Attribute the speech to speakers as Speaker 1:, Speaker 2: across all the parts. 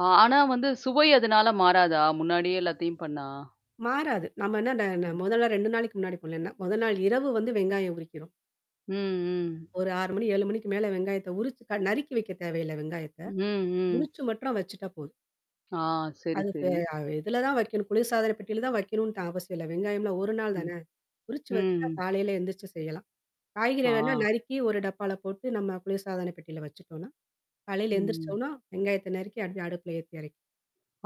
Speaker 1: அ, ஆனா வந்து சுவை அதனால மாறாதா? முன்னாடியே எல்லாத்தையும் பண்ணா?
Speaker 2: மாறாது, நாம என்ன அந்த
Speaker 1: ம்.
Speaker 2: முதல் நாள், 2 நாளைக்கு முன்னாடி பண்ணலைல்ல, முதல் நாள் இரவு வந்து வெங்காயம் உரிக்கிறோம்.
Speaker 1: ம்.
Speaker 2: 1 6 மணி 7 மணிக்கு மேல வெங்காயத்த உரிச்சு நறுக்கி வைக்க தேவையில்ல வெங்காயத்த,
Speaker 1: ம்.
Speaker 2: உரிச்சு மட்டும் வச்சுட்டா போதும்.
Speaker 1: ஆ, சரி,
Speaker 2: அது
Speaker 1: சரி.
Speaker 2: இ இதில தான் வைக்கணும். குளிர்சாதனப் பெட்டியில தான் வைக்கணும்னுதான் அவசியம் இல்ல. வெங்காயம்லாம் 1 நாள்
Speaker 1: ம்.
Speaker 2: தான, உரிச்சு வச்சுட்டா
Speaker 1: ம்.
Speaker 2: காலையில எந்திரிச்சு செய்யலாம்.
Speaker 1: ஆ.
Speaker 2: காய்கறிலாம்னா நறுக்கி 1 டப்பால போட்டு நம்ம குளிர்சாதனப் பெட்டியில வச்சுட்டோம்னா, காலையில
Speaker 1: ம்.
Speaker 2: எழுந்திரிச்சோனா வெங்காயத்த நறுக்கி அப்படியே அடுப்புல ஏத்தி இறக்கிறலாம்.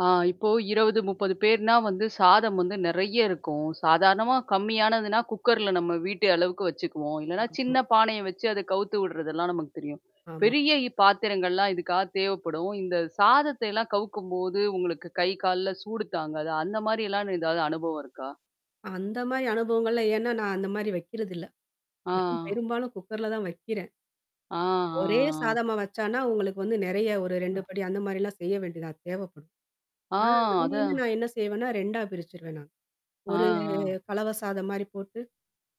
Speaker 1: ஆ, இப்போ 20 30 பேர்னா வந்து சாதம் வந்து நிறைய இருக்கும். சாதாரணமா கம்மியானதுனா குக்கர் -ல நம்ம வீட்டு அளவுக்கு வச்சுக்குவோம், இல்லனா
Speaker 2: ஆமா.
Speaker 1: சின்ன பானைய வச்சு அத கவுத்து விடுறதெல்லாம் நமக்கு தெரியும்.
Speaker 2: ஆமா.
Speaker 1: பெரிய பாத்திரங்கள்லாம் இதுக்காக தேவைப்படும். இந்த சாதத்தை எல்லாம் கவுக்கும் போது உங்களுக்கு கை கால்ல சூடு தாங்காது, அந்த மாதிரியெல்லாம் ஏதாவது அனுபவம் இருக்கா?
Speaker 2: அந்த மாதிரி அனுபவங்கள்லாம் ஏன்னா நான் அந்த மாதிரி வைக்கிறது இல்ல. நான்
Speaker 1: ஆ.
Speaker 2: பெரும்பாலும் குக்கர்ல தான் வைக்கிறேன்.
Speaker 1: ஆ,
Speaker 2: ஒரே
Speaker 1: ஆ.
Speaker 2: சாதமா வச்சோம்னா உங்களுக்கு வந்து நிறைய 1 2
Speaker 1: ம்.
Speaker 2: படி அந்த மாதிரிலாம் செய்யவேண்டியதா தேவைப்படும்.
Speaker 1: ஆ,
Speaker 2: நான் அதனாலயே
Speaker 1: அத
Speaker 2: நான் என்ன செய்வேன்னா 2 பிரிச்சிருவேன் நான்.
Speaker 1: ஆ,
Speaker 2: 1
Speaker 1: ஆ.
Speaker 2: கலவை சாதம் மாதிரி போட்டு,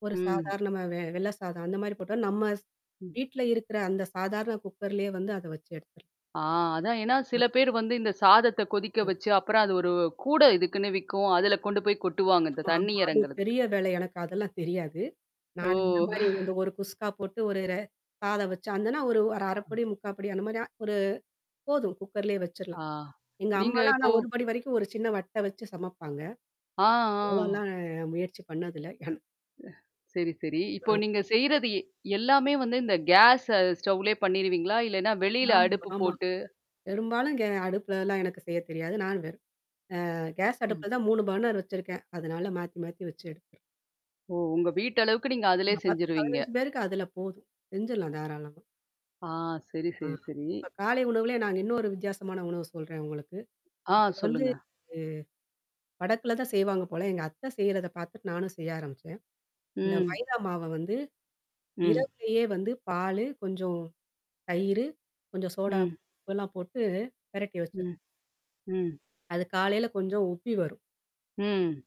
Speaker 2: 1
Speaker 1: ம்.
Speaker 2: சாதாரணமா வெள்ளை சாதம் அந்த மாதிரி போட்டோம்னா நம்ம
Speaker 1: ம்.
Speaker 2: வீட்ல இருக்கிற அந்த சாதாரண குக்கர்லேயே வந்து அத வச்சு எடுத்துரலாம்.
Speaker 1: ஆ, அதான், ஏன்னா
Speaker 2: ஆ.
Speaker 1: சில பேர் வந்து இந்த சாதத்த கொதிக்க
Speaker 2: ம்.
Speaker 1: வச்சு அப்புறம் அது 1 கூடை இதுக்குன்னு விக்கும் அதுல கொண்டுபோய் கொட்டுவாங்க, இந்த
Speaker 2: ஆமா
Speaker 1: தண்ணி
Speaker 2: ஆமா, அது
Speaker 1: இறங்குறதுக்கு.
Speaker 2: பெரிய வேலை எனக்கு அதெல்லாம் தெரியாது.
Speaker 1: ஓ!
Speaker 2: நானு இந்த மாதிரி வந்து 1 குஸ்கா போட்டு, 1 சாதம் வச்சு, அதுன்னா 1 1 அரை
Speaker 1: அ.
Speaker 2: படி முக்கால் படி அந்த மாதிரி 1 போதும் குக்கர்லேயே
Speaker 1: ஆ.
Speaker 2: வச்சிரலாம். எங்க
Speaker 1: நீங்க
Speaker 2: அம்மாலாம் ஆனா
Speaker 1: இப்போ.
Speaker 2: 1 படி வரைக்கும் 1 சின்ன வட்ட வச்சு சமப்பாங்க.
Speaker 1: ஆ, ஆ.
Speaker 2: அவ்ளோலாம் முயற்சி பண்ணது இல்ல நான்.
Speaker 1: சரி சரி. இப்போ
Speaker 2: அ.
Speaker 1: நீங்க செய்றது எ எல்லாமே வந்து இந்த கேஸ் ஸ்டவ்லயே பண்ணிருவீங்களா, இல்லனா வெளில
Speaker 2: ஆமா
Speaker 1: அடுப்பு
Speaker 2: ஆமா,
Speaker 1: போட்டு
Speaker 2: பெரும்பாலும் கே அடுப்புல எல்லாம் எனக்கு செய்யத் தெரியாது. நானு வெறும் ஆ, கேஸ்
Speaker 1: ம்.
Speaker 2: அடுப்புல தான் 3 பர்னர் வச்சுருக்கேன், அதனால மாத்தி மாத்தி வச்சு எடுத்துருவேன்.
Speaker 1: ஓ! உங்க வீட்டளவுக்கு நீங்க அதுலயே
Speaker 2: 10
Speaker 1: செஞ்சிருவீங்க.
Speaker 2: 15 பேருக்கு அதுல போதும் செஞ்சிரலாம் தாராளமா.
Speaker 1: ஆ சரி,
Speaker 2: ஆ,
Speaker 1: சரி, சரி.
Speaker 2: இப்ப காலை உணவுலயே நாங்க இன்னொரு வித்தியாசமான உணவு சொல்றேன் உங்களுக்கு.
Speaker 1: ஆ,
Speaker 2: வந்து
Speaker 1: சொல்லுங்க.
Speaker 2: உ வடக்குல தான் செய்வாங்க போல, எங்க அத்த செய்றத பாத்துட்டு நானும் செய்ய ஆரம்பிச்சேன். இந்த
Speaker 1: ம்.
Speaker 2: மைதா மாவ வந்து
Speaker 1: ம்.
Speaker 2: இரவுலயே வந்து பாலு கொஞ்சம் தயிரு கொஞ்சம் சோடா மாவு
Speaker 1: ம்.
Speaker 2: உப்புலாம் போட்டு பிரட்டி
Speaker 1: ம்.
Speaker 2: வச்சுரணும்.
Speaker 1: ம்.
Speaker 2: அது காலையில கொஞ்சம் உப்பி வரும்.
Speaker 1: ம்.